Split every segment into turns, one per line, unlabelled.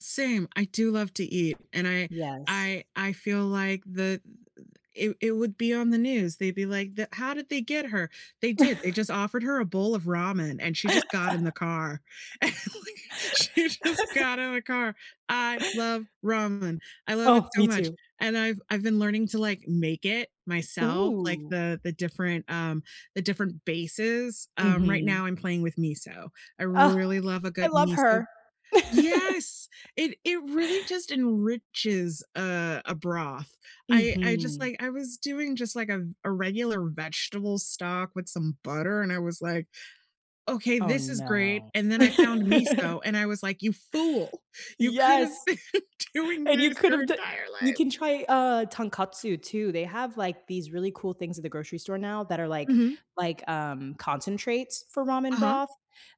Same. I do love to eat, and I
Yes.
I I feel like the it it would be on the news. They'd be like, "That how did they get her? They did. They just offered her a bowl of ramen and she just got in the car." And like she just got in the car. I love ramen. I love it
Oh,
so
me
much,
too.
and I've I've been learning to like make it myself, like
Ooh.
the the different, um, the different bases. Um, right
Mhm.
now I'm playing with miso. I
Oh,
really love a
I
good
love
miso
her.
Yes, it it really just enriches, uh, a broth. I I just
Mhm.
like I was doing just like a v a regular vegetable stock with some butter, and I was like, "Ok,
Oh
this is great."
no.
And then I found miso and I was like, "You fool, you could have
Yes!
been doing
And you
this
could
your
have d
entire
you
life."
can try uh Tonkatsu too. They have like these really cool things at the grocery store now that are like
Mhm.
like, um, concentrates for ramen
Uh-huh.
broth.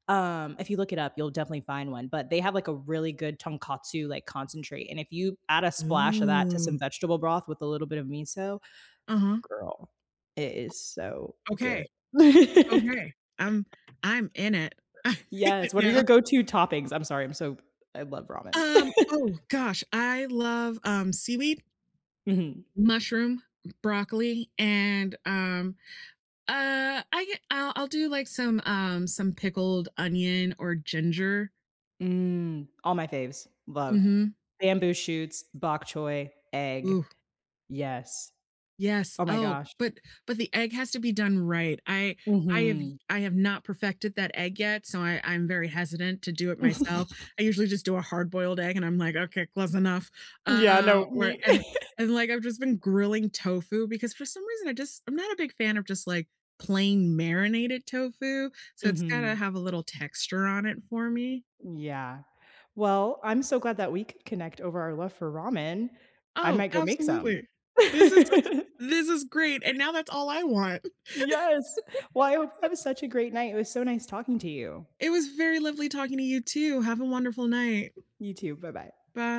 Um, if you look it up, you'll definitely find one, but they have like a really good Tonkatsu like concentrate, and if you add a splash of that to some
Ooh.
vegetable broth with a little bit of miso,
Uh-huh
girl, it is so
Ok.
good.
Ok. I'm I'm in it. I'm in it
Yes, what are
now.
your go to toppings? I'm sorry, I'm so I love ramen.
Um Oh gosh, I love, um, seaweed
Mhm.
mushroom, b broccoli, and, um, uh, I get I'll I'll do like some, um, some pickled onion or ginger.
Mm, all my faves. Love.
Mhm.
Bamboo shoots, bok choy, egg
Ooh.
yes.
Yes.
Oh my
Oh,
gosh.
but, but the egg has to be done right. I I've
Mhm.
I have not perfected that egg yet, so I I'm very hesitant to do it myself. I usually just do a hard boiled egg and I'm like, "Ok, close enough."
Yeah,
Uh,
no,
where
me.
and and, like, I've just been grilling tofu because for some reason I just I'm not a big fan of just like plain marinated tofu, so it's gotta
Mhm.
have a little texture on it for me.
Yeah. Well, I'm so glad that we could connect over our love for ramen. I
Oh,
might go make some.
absolutely. This is this is great, and now that's all I want.
Yes! Well, I hope that was such a great night. It was so nice talking to you.
It was very lovely talking to you too. Have a wonderful night.
You too. Bye-bye.
By